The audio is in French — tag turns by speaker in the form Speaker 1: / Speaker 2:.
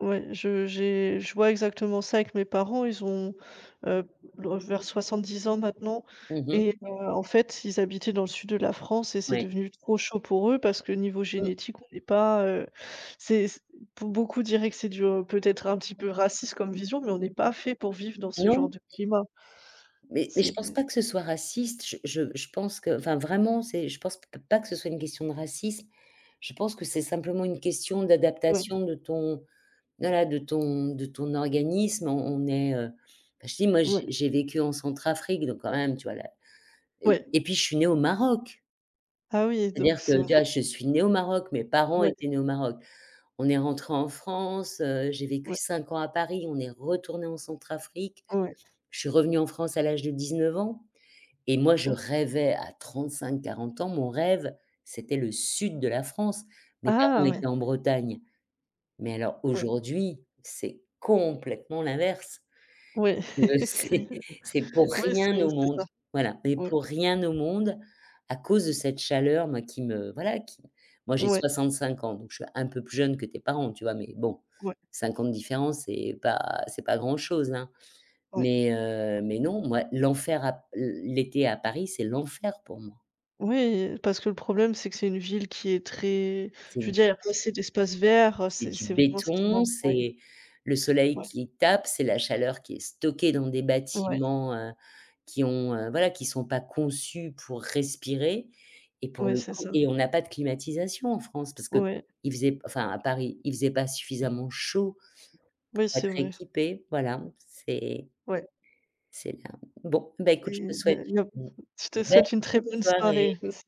Speaker 1: Ouais, je j'ai je vois exactement ça avec mes parents. Ils ont, heu, vers 70 ans maintenant
Speaker 2: Mmh mh.
Speaker 1: et heu, en fait ils habitaient dans le sud de la France et c'est
Speaker 2: Oui.
Speaker 1: devenu trop chaud pour eux parce que niveau
Speaker 2: Mmh.
Speaker 1: génétique, on n'est pas, heu, c'est p pour beaucoup diraient que c'est du peut-être un petit peu raciste comme vision, mais on n'est pas fait pour vivre dans ce genre
Speaker 2: Non.
Speaker 1: de climat.
Speaker 2: Mais mais je
Speaker 1: C'est
Speaker 2: pense pas que ce soit raciste. Je je je pense que enfin vraiment c'est je pense pas que ce soit une question de racisme. Je pense que c'est simplement une question
Speaker 1: Oui.
Speaker 2: d'adaptation de ton voilà de ton de ton organisme, on on est, heu, bah je dis, moi
Speaker 1: Oui.
Speaker 2: j'ai j'ai vécu en Centrafrique, donc quand même tu vois là et puis
Speaker 1: Oui.
Speaker 2: et puis je suis née au Maroc!
Speaker 1: Ah oui et donc
Speaker 2: C'est-à-dire que
Speaker 1: ça ouais.
Speaker 2: tu vois, je suis née au Maroc, mes parents
Speaker 1: Ouais.
Speaker 2: étaient nés au Maroc. On est rentrés en France, heu, j'ai vécu
Speaker 1: Ouais.
Speaker 2: 5 ans à Paris, on est retournés en Centrafrique.
Speaker 1: Ouais.
Speaker 2: Je suis revenue en France à l'âge de 19 ans et moi je
Speaker 1: Ouais.
Speaker 2: rêvais à 35-40 ans, mon rêve, c'était le sud de la France. Mes parents
Speaker 1: Ah
Speaker 2: étaient
Speaker 1: oui.
Speaker 2: en Bretagne. Mais alors
Speaker 1: Ouais.
Speaker 2: aujourd'hui, c'est complètement l'inverse.
Speaker 1: Oui.
Speaker 2: Heu, c'est
Speaker 1: C'est
Speaker 2: c'est pour
Speaker 1: oui c'est
Speaker 2: rien au
Speaker 1: c'est
Speaker 2: monde
Speaker 1: ça.
Speaker 2: voilà, mais
Speaker 1: Mmh.
Speaker 2: pour rien au monde, à cause de cette chaleur, moi qui me voilà, qui moi j'ai
Speaker 1: Ouais.
Speaker 2: 65 ans, donc je suis un peu plus jeune que tes parents, tu vois? Mais bon,
Speaker 1: Ouais.
Speaker 2: 5 ans de différence, c'est pas c'est pas grand-chose, hein.
Speaker 1: Ouais.
Speaker 2: Mais heu, mais non, moi, l'enfer, à l l'été à Paris, c'est l'enfer pour moi.
Speaker 1: Oui, parce que le problème c'est que c'est une ville qui est très
Speaker 2: C'est
Speaker 1: je
Speaker 2: du
Speaker 1: veux dire il y a pas assez d'espace vert,
Speaker 2: c'est
Speaker 1: c'est
Speaker 2: du
Speaker 1: c'est vraiment ce qui
Speaker 2: béton,
Speaker 1: manque, ouais.
Speaker 2: c'est le soleil
Speaker 1: Ouais.
Speaker 2: qui tape, c'est la chaleur qui est stockée dans des
Speaker 1: Ouais.
Speaker 2: bâtiments, heu, qui ont, voilà, qui sont pas conçus pour respirer et pour
Speaker 1: Ouais,
Speaker 2: le
Speaker 1: c'est
Speaker 2: coup
Speaker 1: ça.
Speaker 2: et on n'a pas de climatisation en France parce qu'il
Speaker 1: Ouais.
Speaker 2: faisait, enfin à Paris, il faisait pas suffisamment chaud
Speaker 1: Oui,
Speaker 2: pour être
Speaker 1: c'est vrai.
Speaker 2: équipé, voilà, c'est
Speaker 1: Ouais.
Speaker 2: c'est, heu, bon bah écoute,
Speaker 1: Et
Speaker 2: je te
Speaker 1: il y
Speaker 2: souhaite
Speaker 1: a il y a
Speaker 2: une
Speaker 1: beaucoup je te
Speaker 2: belle
Speaker 1: souhaite une très
Speaker 2: fin de
Speaker 1: bonne
Speaker 2: soirée.
Speaker 1: soirée aussi.